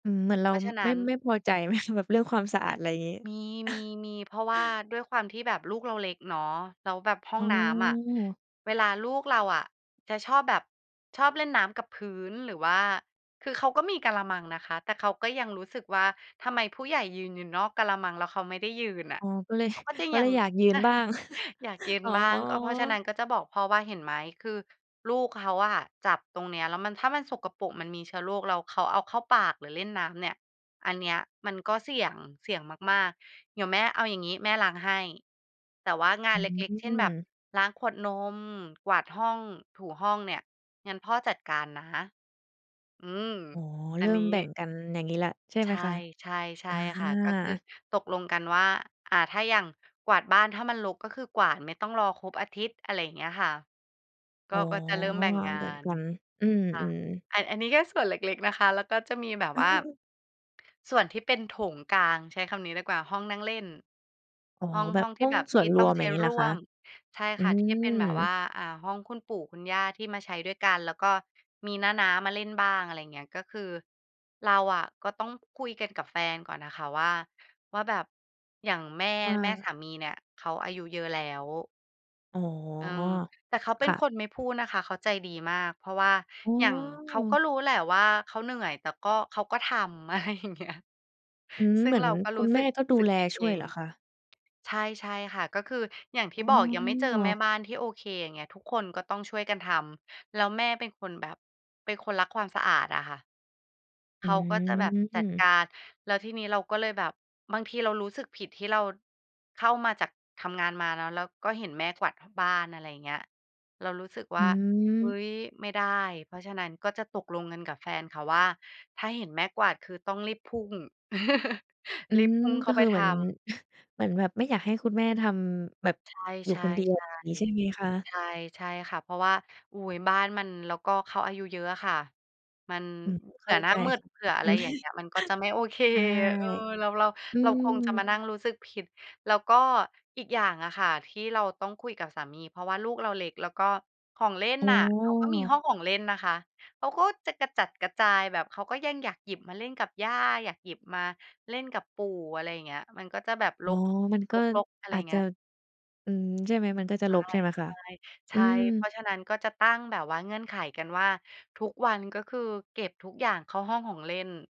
อืม เหมือนเราเพราะฉะนไมั่ ้น ไม่พอใจ ไหม? แบบเรื่องความสะอคา่ด ะ อะไรงี้ มี ๆ ๆ เพราะว่าด้วยความที่แบบลูกเราเล็กเนาะ แล้วแบบห้อองน้ำอะ ืม เวลาลูกเราอะ จะชอบแบบ ชอบเล่นน้ำกับพื้น หรือว่า คือเขาก็มีกะละมังนะคะ แต่เขาก็ยังรู้สึกว่า ทำไมผู้ใหญ่ยืนอยู่นอกกะละมัง แล้วเขาไม่ได้ยืนน่ะ อ๋อ ก็ เลย เขาก็จะก็ยัเลง ยอยากยืนบ้าง อยากยืนอ๋อ บ้าง ก็เพราะฉะนั้นก็จะบอกพ่อว่า "เห็นไหม คือลูกเขาอะจับตรงเนี้ยแล้วมัน ถ้ามันสกปรก มันมีเชื้อโรค แล้วเขาเอาเข้าปาก หรือเล่นน้ำเนี่ย อันเนี้ยมันก็เสี่ยง เสี่ยงมาก ๆ เดี๋ยวแม่ เอาอย่างงี้ แม่ล้างให้ แต่ว่างาอืนเล็ก ๆ เช่น แบบม ล้างขวดนม กวาดห้อง ถูห้องเนี่ย งั้นพ่อจัดการนะ" อืม อ๋อ อเัรนิ่นีมแบ่้ งกันอย่างงี้แล้ว ใช่ใชไหม่ คะ? ๆ ใช่อา ค่ะ ก็คือตกลงกันว่า อ่า ถ้าอย่างกวาดบ้าน ถ้ามันรกก็คือกวาด ไม่ต้องรอครบอาทิตย์ อะไรอย่างเงี้ยค่ะ กอ็ ๋อ ก็จะเริ่มแบ่งงาแบ่งน กัน อืม ค่ะ ๆ อัน อันนี้แค่ส่วนเล็ก ๆ นะคะ แล้วก็จะมีแบบว่า [unintelligible] ส่วนที่เป็นโถงกลาง ใช้คำนี้ดีกว่า ห้องนั่งเล่น อ๋อ ห้อง แบหบ้องทีห่้อแงบบสท่วี่นรต้อวงม ใชอย่้างงี้เรหรอ่ควะ? ม ใช่อืค่ะ ที่เป็ม นแบบว่า อ่า ห้องคุณปู่คุณย่าที่มาใช้ด้วยกัน แล้วก็มีน้า ๆ มาเล่นบ้าง อะไรอย่างเงี้ย ก็คือเราอะก็ต้องคุยกันกับแฟนก่อนอะค่ะว่า ว่าแบบ อย่างแม่ ว่แม่สาา มีเนี่ย เขาอายุเยอะแล้ว อ๋อ เออ แต่เขาเปค็น่ะ คนไม่พูดนะคะ เขาใจดีมาก เพราะว่าอ๋อ อย่างเขาก็รู้แหละว่าเขาเหนื่อย แต่ก็ เขาก็ทำ อะไรอย่างเงี้ย อืม ซึ่เหงมือเนราก็ครุู้ณแสมึ่ก ก็ดูสึกแลผิดชเ่อวยเง หรอคะ? ใช่ ๆ ค่ะ ก็คือ อย่างทีอ่๋บอก ยังไม่เจอแม่อ บ้านที่โอเคอย่างเงี้ย ทุกคนก็ต้องช่วยกันทำ แล้วแม่เป็นคนแบบ เป็นคนรักความสะอาดอะค่ะ เอขืาก็จะแบบจัดกม าร แล้วทีนี้เราก็เลยแบบ บางทีเรารู้สึกผิดที่เรา เข้ามาจาก ทำงานมาเนาะ แล้วก็เห็นแม่กวาด ห บ้าน อะไรอย่างเงี้ย เรารู้สึกอว่า เฮ้ืม ย ไม่ได้ เพราะฉะนั้นก็จะตกลงกันกับแฟนค่ะว่า ถ้าเห็นแม่กวาดคือต้องรีบพุ่ง อืรีบม พุ่งเขก้็าไคปือทเหมือน ำ เหมือนแบบไม่อยากให้คุณแม่ทำแบบใช่ ๆ อยๆ ูใ่คนเดียว งี้ใช่ไหมชคะ? ่ ใช่ค่ะ เพราะว่า อุ๊ย บ้านมัน แล้วก็เขาอายุเยอะอะค่ะ มัน อืม เผเขื่้อาหน้ใาจมืด ค่ะ เผื่ออมะัไรน อย่างเงี้ย มันก็จะไม่ โอเค ใช่ เออ เรา เรา อืเราคงจะมาม นั่งรู้สึกผิด แล้วก็อีกอย่างอะค่ะ ที่เราต้องคุยกับสามี เพราะว่าลูกเราเล็ก แล้วก็ของเล่นอ๋น่ะ เขาก็มีหอ ้องของเล่นนะคะ เขาก็จะกระจัดกระจาย แบบเขาก็ยังอยากหยิบมาเล่นกับย่า อยากหยิบมาเล่นกับปู่ อะไรอย่างเงี้ย มันก็จะแบบอร๋อ ก มันก็รก ๆ อะไรออาย่จางเงจีะ ้ย อืม ใช่ไหม มันก็จะใชร่ กใช่ไหมคะ? ๆ ใชอื่ เพรม าะฉะนั้นก็จะตั้งแบบว่า เงื่อนไขกันว่า ทุกวัน ก็คือเก็บทุกอย่างเข้าห้องของเล่น